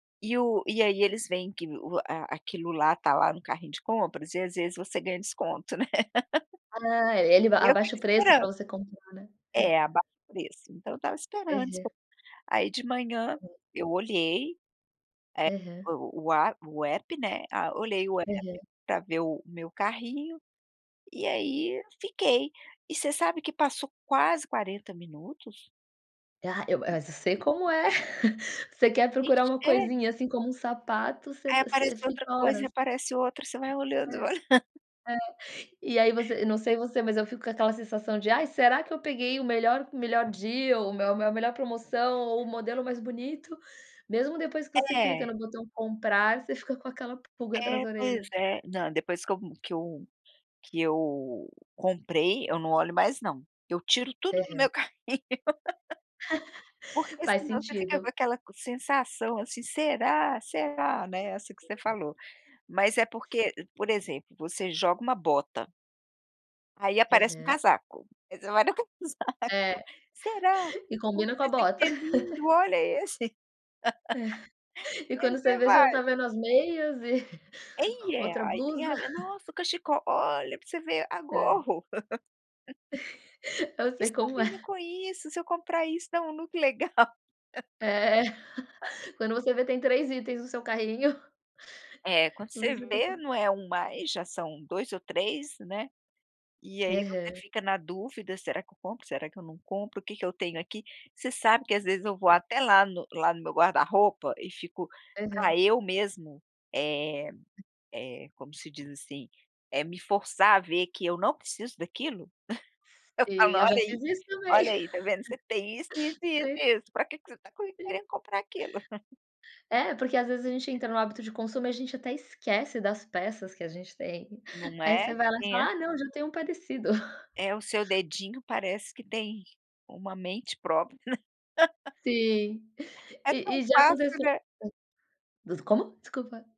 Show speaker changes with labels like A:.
A: E o e aí eles vêem que o a a aquilo lá está lá no carrinho de compras e às vezes, você ganha desconto, né.
B: Ah, e ele
A: E eu
B: abaixa
A: fico
B: o preço
A: esperan
B: para você comprar, né. É.
A: É, abaixa o preço. Então eu estava esperando,
B: Aham.
A: espe aí de manhã
B: Uhum.
A: eu olhei,
B: Aham.
A: eh, o o a o app, né, a olhei o
B: Aham.
A: app pra ver o meu carrinho e aí, fiquei. E você sabe que passou quase 40 minutos.
B: Ah eu ma
A: A
B: mas eu
A: gente
B: sei
A: vê
B: como é. Você
A: A
B: quer procurar
A: gente
B: uma
A: é.
B: coisinha, assim, como um sapato você
A: Aí
B: você
A: apareceu outra
B: fica
A: coisa e
B: horas.
A: aparece outra, você vai
B: É.
A: olhando, você
B: É,
A: vai
B: e aí você não sei você, mas eu fico com aquela sensação de: "Ai, será que peguei o melhor o melhor dia ou me a melhor promoção ou o modelo mais bonito?" Mesmo depois que você clica
A: É.
B: no botão comprar, você fica com aquela pulga atrás
A: É.
B: da
A: Pois
B: orelha.
A: é, não, depois que eu que eu que eu comprei eu não olho mais não. Eu tiro tudo no
B: Aham.
A: meu carrinho. Porque,
B: Faz
A: senão, você fica com
B: sentido.
A: aquela co sensação, assim: "Será? Será, né", é assim que você
B: [unintelligible]
A: falou. Mas é
B: Sim.
A: porque por exemplo, você joga uma bota aí aparece um
B: Aham.
A: casaco, aí você vai no casaco:
B: É.
A: "Será,
B: E
A: olha
B: combina com a
A: esse aqui
B: bota.
A: é lindo, olha esse".
B: É. E
A: Aí
B: quando você
A: você
B: vê, você não está
A: vai.
B: vendo as meias e
A: Ih, é.
B: outra
A: Aí tem
B: blusa.
A: a: "Nossa, o cachecol. Olha pra você ver a
B: Hã.
A: gorro".
B: Eu sei
A: "Isso
B: como
A: combina
B: é.
A: com isso, se eu comprar isso dá um look legal".
B: É. Quando você vê tem 3 itens no seu carrinho...
A: É. Quando você
B: você está
A: vê
B: com
A: não é 1 mais, já são 2 ou 3, né. E aí você
B: Aham.
A: fica na dúvida: "Será que eu compro, será que eu não compro, o que que eu tenho aqui?" Você sabe que, às vezes, eu vou
B: Hum.
A: até lá no lá no meu guarda roupa e fico
B: Aham.
A: pra eu mesmo, eh eh, como se diz, assim, é me forçar a ver que eu não preciso daquilo. Eu falo:
B: Sei, eu já
A: "Olha aí,
B: fiz isso também.
A: olha aí, tá vendo? Você tem isso, isso, isso
B: Sei.
A: e isso, pra que que você está cui
B: Sim.
A: querendo comprar aquilo?"
B: É, porque às vezes, a gente entra no hábito de consumo e a gente até esquece das peças que a gente tem.
A: Não
B: Aí você
A: é?
B: vai lá e
A: Tinha.
B: fala: "Ah não, já tenho um parecido".
A: É, o seu dedinho parece que tem uma mente própria.
B: Sim.
A: É
B: E
A: tão
B: e já
A: fácil,
B: aconteceu
A: né.
B: Hã? Voc como? Desculpa.